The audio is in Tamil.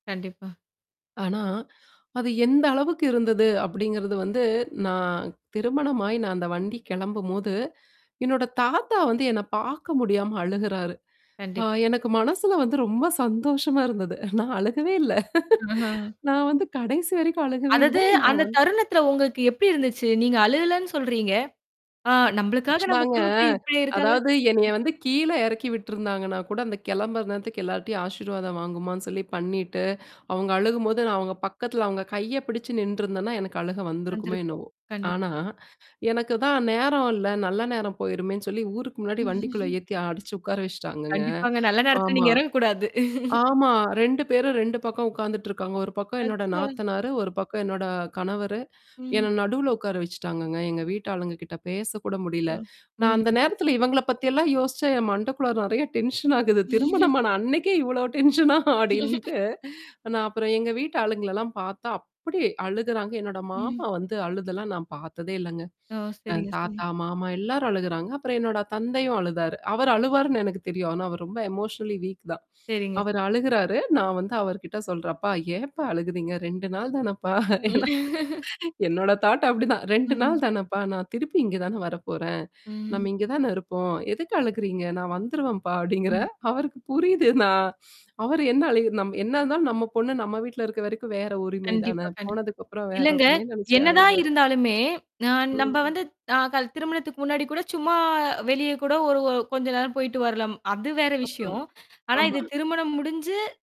கண்டிப்பா. ஆனா, அது எந்த அளவுக்கு இருந்தது அப்டிங்கிறது வந்து நான் திருமணமாய் நான் அந்த வண்டி கெளம்பும்போது என்னோட தாத்தா வந்து என்ன பாக்க முடியாம அழுகுறாரு. ஆ கண்டிப்பா. [unintelligible] எனக்கு மனசுல வந்து ரொம்ப சந்தோஷமா இருந்தது. நான் அழுகவே இல்ல. ஆ. நான் வந்து கடைசி வரைக்கும் அழுகவே இல்ல. அதது நான் அந்த வந்து தருணத்தில உங்களுக்கு எப்படி இருந்துச்சு? நீங்க அழுகலன்னு சொல்றீங்க? ஆ நம்மளுக்காக நம்ம ஆக்ச்சுவலாங்க குடும்பத்தில இப்படியே இருக்காங்கன்னு. அதாவது என்னைய வந்து கீழ எறக்கி விட்டுருந்தாங்கன்னா கூட அந்த கெளம்புற நேரத்துக்கு எல்லாரட்டையும் ஆசீர்வாதம் வாங்குமான்னு சொல்லி பண்ணிட்டு, அவுங்க அழுகும்போது நான் அவங்க பக்கத்தல அவங்க கைய பிடிச்சு நின்றுருந்தேன்னா, எனக்கு அழுக வந்திருக்குமே வந்திருப்போம். என்னவோ. கண்டிப்பா, ஆனா, கண்டிப்பா. எனக்கு தான் நேரம் இல்ல. நல்ல நேரம் போயிருமேன்னு சொல்லி ஊருக்கு முன்னாடி வண்டிக்குள்ள ஏத்தி அடச்சு உட்கார வச்சுட்டாங்கங்க. கண்டிப்பாங்க. நல்ல நேரத்துல ஆமா. நீங்க எறங்கக்கூடாது. ஆமா. 2 பேரும் 2 பக்கம் உட்காந்துட்டுருக்காங்க. 1 பக்கம் என்னோட அச்சோ! நாத்தனாரு, 1 பக்கம் என்னோட கணவரு. ம். என்ன நடுவுல உட்கார வச்சுட்டாங்கங்க. எங்க வீட்டு ஆளுங்க கிட்ட பேசக்கூட முடில. [unintelligible] நான் ம். அந்த நேரத்தல இவங்கள பத்தியெல்லாம் யோசிச்சேன் என் மண்டக்குள்ளார நெறைய டென்ஷன் ஆகுது. திருமணமான அன்னைக்கே இவ்வளோ டென்ஷனா அப்படின்ட்டு, நான் அப்புறம் எங்க வீட்டு ஆளுங்களல்லாம் பார்த்தா அப்படி அழுகுறாங்க. என்னோட ம். மாமா வந்து அழுதெல்லாம் நான் பார்த்ததே இல்லங்க. ஓ! அ சரிங்க, சரி. தாத்தா, மாமா எல்லாரும் அழுகுறாங்க. அப்புறம் என்னோட தந்தையும் அழுதாரு. அவர் அழுவாருன்னு எனக்கு தெரியும். ஆனா அவர் ரொம்ப எமோஷனலி வீக் தான். சரிங்க. அவரு அழுகுறாரு. நான் வந்து அவர்கிட்ட சொல்றன்ப்பா ஏப்பா அழுகுறீங்க? 2 நாள் தானப்பா? ஏன்னா என்னோட தாட் அப்டிதான் "2 ம். நாள் தானப்பா. நான் திருப்பி இங்க தானே வரப்போறேன். நம்ம ம். இங்க தானே இருப்போம். எதுக்கு அழகுறீங்க? நான் வந்துருவேன்ப்பா" அப்படிங்கிற. ம். அவருக்கு புரியுது நான். அவரு என்ன அழுகு நம் என்ன இருந்தாலும் நம்ம பொண்ணு நம்ம வீட்ல இருக்க வரைக்கும் வேற உரிமை கண்டிப்பா, தான. கண்டிப்பா. போனதுக்கப்புறம் வேற இல்லங்க. உரிமைன்னு நெனைச்சே என்னதான் அழுகுறாரு. இருந்தாலுமே, அ நம்ப ம். வந்து அ கல் திருமணத்துக்கு முன்னாடி கூட சும்மா வெளிய கூட ஒரு கொஞ்ச நேரம் போயிட்டு வரலாம் அது வேற அப்றம். விஷயம். ஆனா இது ஆமா. திருமணம் முடிஞ்சு